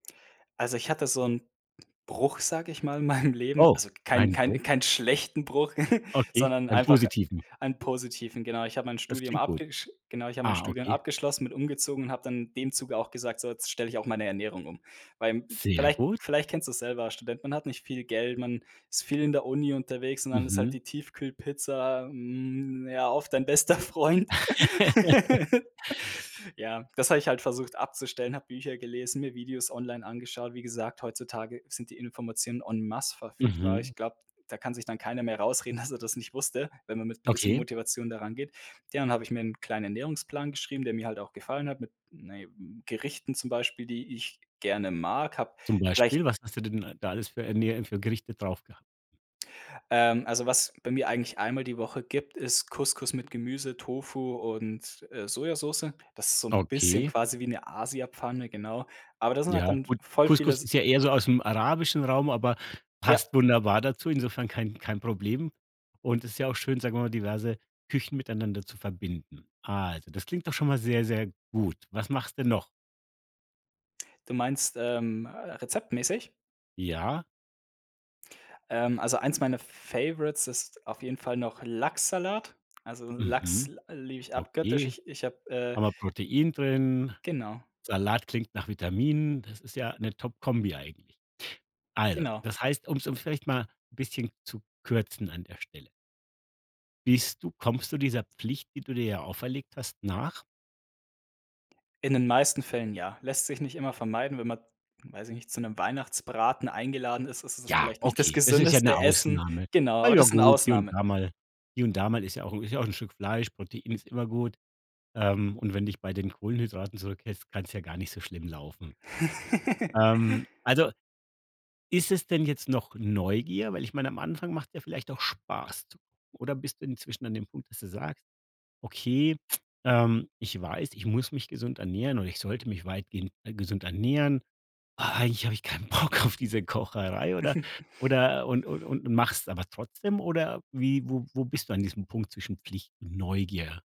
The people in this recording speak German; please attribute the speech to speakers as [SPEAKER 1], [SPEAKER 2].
[SPEAKER 1] Also, ich hatte so 'n Bruch, sage ich mal, in meinem Leben.
[SPEAKER 2] Oh,
[SPEAKER 1] Also, kein
[SPEAKER 2] einen Bruch?
[SPEAKER 1] kein keinen schlechten Bruch,
[SPEAKER 2] Okay,
[SPEAKER 1] sondern
[SPEAKER 2] einen
[SPEAKER 1] einfach
[SPEAKER 2] positiven?
[SPEAKER 1] einen positiven, genau. Ich habe mein
[SPEAKER 2] Das
[SPEAKER 1] Studium
[SPEAKER 2] klingt gut.
[SPEAKER 1] abgesch genau, ich habe mein
[SPEAKER 2] Ah,
[SPEAKER 1] Studium
[SPEAKER 2] okay.
[SPEAKER 1] abgeschlossen, bin umgezogen und habe dann in dem Zuge auch gesagt: „So, jetzt stelle ich auch meine Ernährung um“, weil
[SPEAKER 2] Sehr
[SPEAKER 1] vielleicht
[SPEAKER 2] gut.
[SPEAKER 1] vielleicht kennst du es selber, als Student, man hat nicht viel Geld, man ist viel in der Uni unterwegs und dann ist halt
[SPEAKER 2] Mhm.
[SPEAKER 1] die Tiefkühlpizza, hm, ja, oft dein bester Freund. Ja, das habe ich halt versucht abzustellen, habe Bücher gelesen, mir Videos online angeschaut. Wie gesagt, heutzutage sind die Informationen en masse verfügbar.
[SPEAKER 2] Mhm.
[SPEAKER 1] Ich glaube, da kann sich dann keiner mehr rausreden, dass er das nicht wusste, wenn man mit 'n bisschen
[SPEAKER 2] Okay.
[SPEAKER 1] Motivation da rangeht. Ja, dann habe ich mir 'n kleinen Ernährungsplan geschrieben, der mir halt auch gefallen hat mit, na ja, Gerichten zum Beispiel, die ich gerne mag, habe
[SPEAKER 2] Zum
[SPEAKER 1] vielleicht
[SPEAKER 2] Beispiel, was hast du denn d da alles für Ernä für Gerichte drauf gehabt?
[SPEAKER 1] Ähm, also, was bei mir eigentlich einmal die Woche gibt, ist Couscous mit Gemüse, Tofu und, äh, Sojasoße. Das ist so 'n bisschen
[SPEAKER 2] Okay.
[SPEAKER 1] quasi wie 'ne Asiapfanne, genau. Aber da sind halt
[SPEAKER 2] Ja,
[SPEAKER 1] dann v
[SPEAKER 2] gut,
[SPEAKER 1] voll viele
[SPEAKER 2] Couscous
[SPEAKER 1] S
[SPEAKER 2] ist ja eher so aus 'm arabischen Raum, aber
[SPEAKER 1] Ja.
[SPEAKER 2] passt wunderbar dazu. Insofern kein kein Problem und ist ja auch schön, sagen wir mal, diverse Küchen miteinander zu verbinden. Also, das klingt doch schon mal sehr, sehr gut. Was machst du noch?
[SPEAKER 1] Du meinst, ähm, äh, rezeptmäßig?
[SPEAKER 2] Ja.
[SPEAKER 1] Ähm, also, eins meiner Favorites ist auf jeden Fall noch Lachssalat. Also, Lachs
[SPEAKER 2] Mhm.
[SPEAKER 1] l liebe ich abgöttisch.
[SPEAKER 2] Okay.
[SPEAKER 1] Ich ich habe, äh
[SPEAKER 2] Haben wir Protein drin.
[SPEAKER 1] Genau.
[SPEAKER 2] Salat klingt nach Vitaminen. Das ist ja 'ne top Kombi eigentlich. Also,
[SPEAKER 1] Genau.
[SPEAKER 2] das heißt, um's um's vielleicht mal 'n bisschen zu kürzen an der Stelle Bist du kommst du dieser Pflicht, die du dir ja auferlegt hast, nach?
[SPEAKER 1] In den meisten Fällen ja, lässt sich nicht immer vermeiden, wenn man, weiß ich nicht, zu 'nem Weihnachtsbraten eingeladen ist, ist es
[SPEAKER 2] Ja,
[SPEAKER 1] vielleicht nicht das
[SPEAKER 2] okay, das ist ja
[SPEAKER 1] gesündeste
[SPEAKER 2] 'ne
[SPEAKER 1] Essen.
[SPEAKER 2] Ausnahme.
[SPEAKER 1] Genau,
[SPEAKER 2] Ah,
[SPEAKER 1] aber
[SPEAKER 2] ja
[SPEAKER 1] das sind
[SPEAKER 2] gut, hier und
[SPEAKER 1] Ausnahmen.
[SPEAKER 2] da mal hier und da mal ist ja auch 'n ist ja auch Stück 'n Fleisch, Protein ist immer gut. Ähm, und wenn dich bei den Kohlenhydraten zurückhälst, kann's ja gar nicht so schlimm laufen. Ähm, also, ist es denn jetzt noch Neugier, weil ich meine, am Anfang macht's ja vielleicht auch Spaß zu. [unintelligible] Oder bist du inzwischen an dem Punkt, dass du sagst: „Okay, ähm, ich weiß, ich muss mich gesund ernähren oder ich sollte mich weitgehend gesund ernähren, aber eigentlich habe ich keinen Bock auf diese Kocherei“, oder oder und und und machst's aber trotzdem oder wie wo wo bist du an diesem Punkt zwischen Pflicht und Neugier?